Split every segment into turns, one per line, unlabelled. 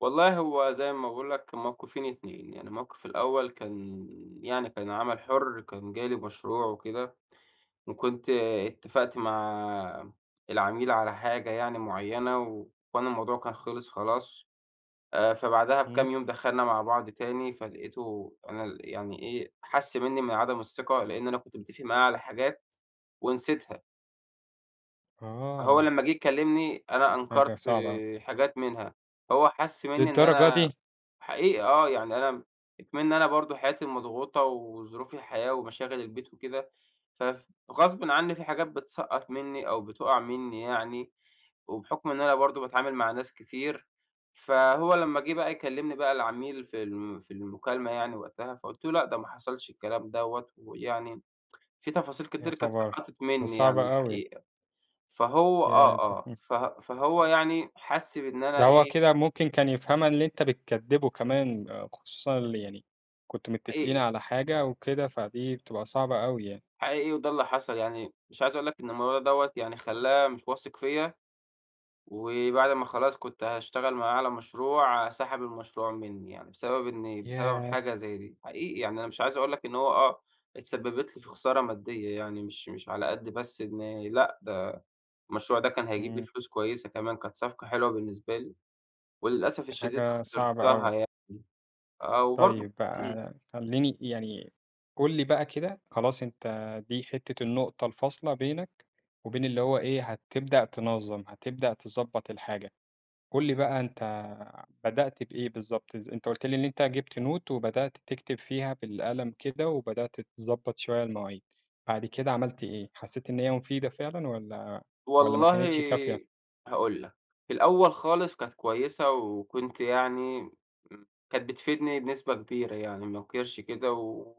والله هو زي ما باقول لك الموقِفين 2 يعني الموقِف الأول، كان يعني كان عمَل حُرّ، كان جالي مشروع وكده، وكنت اتفقت مع العميل على حاجة يعني مُعيّنة، و وأنا الموضوع كان خلص خلاص، آآ فبعدها
إمم.
بكام يوم دخلنا مع بعض تاني، فلقيتُه أنا ال يعني إيه حَسّ مِنّي من عدم الثقة، لإن أنا كنت متفق معاه على حاجات ونسيتها. فهو
آه.
لمّا جه يكلِّمني أنا
حاجة
أنكرت
صعبة أه.
آآ حاجات منها، هو حَسّ مِنّي إن
للدرجة
أنا
دي؟!
حقيقة آه، يعني أنا إكمن أنا برضه حياتي مضغوطة وظروف الحياة ومشاغل البيت وكده، فف غصبًا عنّي في حاجات بتسقّط منّي أو بتُوقَّع مِنّي يعني، وبحكم إن أنا برضه باتعامل مع ناس كتير، فهو لمّا جه بقى يكلمني بقى العميل في ال في المكالمة يعني وقتها، فقُلت له لأ، ده ما حصلش الكلام دوّة، ويعني في تفاصيل
يا
كتير كانت
خبر!
سقطت
دي
مِنّي يعني
صعبة أوي.
الحقيقة، فهو
ياه
آه، آه
[unintelligible]
فه فهو يعني حَسّ بإن أنا
ده هو
إيه
كده ممكن كان يفهمها اللي أنت بتكدّبُه كمان، خُصوصًا اللي يعني كنتم متفقين
حقيقي.
على حاجة وكده، فدي بتبقى صعبة أوي يعني.
حقيقي وده اللي حصل يعني، مش عايز أقول لك إن الموضوع دوّة يعني خلّاه مش واثق فيَّ، وبعد ما خلاص كنت هاشتغل معاه على مشروع، سحب المشروع مِنّي يعني، بسبب إني بسبب
ياه!
حاجة زي دي، حقيقي يعني أنا مش عايز أقول لك إن هو آه، اتسبّبت لي في خسارة مادية يعني مش مش على قد بس إن لأ، ده المشروع ده كان هيجيب لي
إمم.
فلوس كويسة كمان، كانت صفقة حلوة بالنسبة لي، وللأسف
دي
الشديد
حاجة صعبة
خسرتها
أوي.
يعني آه، وبرضه ك
طيب
إمم.
بقى خلّيني يعني قُل لي بقى كده، خلاص أنت دي حِتّة النُقطة الفاصلة بينك وبين اللي هو إيه هتبدأ تنظم، هتبدأ تضبط الحاجة، قُل لي بقى أنت بدأت بإيه بالضبط ز أنت قُلت لي إن أنت جِبت Note وبدأت تكتب فيها بالقلم كده، وبدأت تضبط شوية المواعيد، بعد كده عملت إيه؟ حسيت إن هي مفيدة فعلًا، والّا والّا ما
والله
كانتش كافية؟
هاقول لك، في الأول خالص كانت كويسة وكنت يعني امم كانت بتفيدني بنسبة كبيرة يعني ما أنكرش كده، و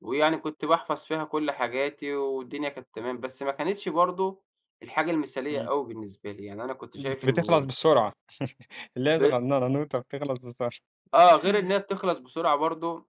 ويعني كنت باحفظ فيها كُلّ حاجاتي، والدنيا كانت تمام، بس ما كانتش برضه الحاجة المثالية
إمم.
أوي بالنسبة لي، يعني أنا كنت شايف
بت بتخلص
إن
بسرعة، اللي هي
ب
صغننة، نوتة بتخلص بسر
آه، غير إنها بتخلص بسرعة برضه.